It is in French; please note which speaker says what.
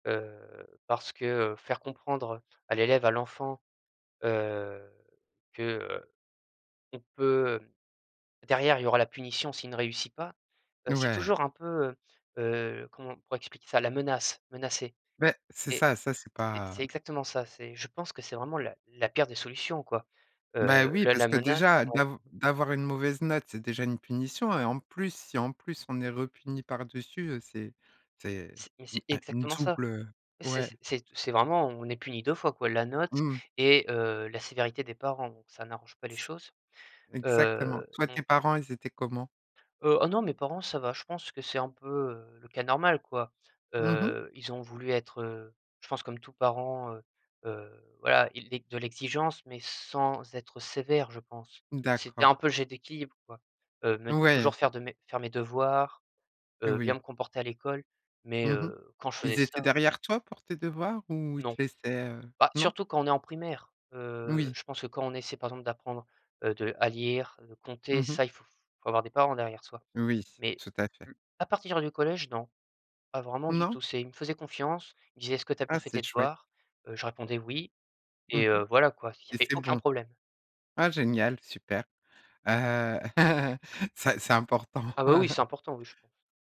Speaker 1: Heu, parce que, heu, faire comprendre à l'élève, à l'enfant, heu, que, heu qu'on peut, heu derrière il y aura la punition, s'il ne réussit pas, bah, c'est
Speaker 2: Ouais.
Speaker 1: toujours un peu, heu heu comment on pourrait expliquer ça, la menace, menacer
Speaker 2: Beh c'est
Speaker 1: et
Speaker 2: ça, ça c'est
Speaker 1: c'est
Speaker 2: pas,
Speaker 1: c'est
Speaker 2: heu
Speaker 1: exactement ça, c'est je pense que c'est vraiment la la pire des solutions, quoi, heu,
Speaker 2: Bah, oui
Speaker 1: la
Speaker 2: parce
Speaker 1: la
Speaker 2: que
Speaker 1: menace
Speaker 2: déjà
Speaker 1: donc
Speaker 2: dav d'avoir une mauvaise note, c'est déjà une punition et en plus, si en plus on est re puni par dessus, heu, c'est c'est
Speaker 1: C'est mais c'est
Speaker 2: un une
Speaker 1: exactement ça.
Speaker 2: double, heu
Speaker 1: C'est
Speaker 2: ouais.
Speaker 1: c'est c'est vraiment, heu on est puni 2 fois quoi, la note
Speaker 2: Mmh mh.
Speaker 1: et heu, la sévérité des parents. Donc ça n'arrange pas les choses,
Speaker 2: Exactement,
Speaker 1: heu,
Speaker 2: toi
Speaker 1: on
Speaker 2: tes parents ils étaient comment?
Speaker 1: Heu, oh non mes parents ça va, je pense que c'est un peu, heu, le cas normal, quoi,
Speaker 2: Mmh mh.
Speaker 1: heu, ils ont voulu être, heu, je pense comme tout parent, heu heu, voilà. Ils di de l'exigence mais sans être sévère, je pense. C'était
Speaker 2: D'accord.
Speaker 1: un peu le jeu d'équilibre quoi, heu, me dire toujours
Speaker 2: Ouais.
Speaker 1: faire de mes faire mes devoirs, heu, bien
Speaker 2: Oui.
Speaker 1: me comporter à l'école, mais
Speaker 2: Mmh mh.
Speaker 1: heu, quand je faisais
Speaker 2: Ils étaient
Speaker 1: ça
Speaker 2: derrière toi pour tes devoirs ou ils te
Speaker 1: Non.
Speaker 2: laissaient, heu
Speaker 1: Bah,
Speaker 2: non?
Speaker 1: surtout quand on est en primaire, heu,
Speaker 2: Oui.
Speaker 1: je pense que quand on essaie par, exemple, d'apprendre, heu de à lire, de compter,
Speaker 2: Mmh mh.
Speaker 1: ça, il faut avoir des parents derrière soi.
Speaker 2: Oui,
Speaker 1: Mais
Speaker 2: tout à fait.
Speaker 1: le à partir du collège non, pas vraiment du
Speaker 2: Non?
Speaker 1: tout. C'est il me faisait confiance, il me disait: «Est-ce que tu as bien
Speaker 2: Ah
Speaker 1: fait tes
Speaker 2: c'est chouette!
Speaker 1: devoirs?» Heu, je répondais: «Oui»
Speaker 2: Mmh
Speaker 1: et
Speaker 2: mh
Speaker 1: heu, voilà quoi, il y
Speaker 2: et
Speaker 1: avait
Speaker 2: c'est
Speaker 1: aucun
Speaker 2: bon?
Speaker 1: problème.
Speaker 2: Ah génial super, heu, c'est c'est important.
Speaker 1: Ah bah, oui c'est important oui, je pense.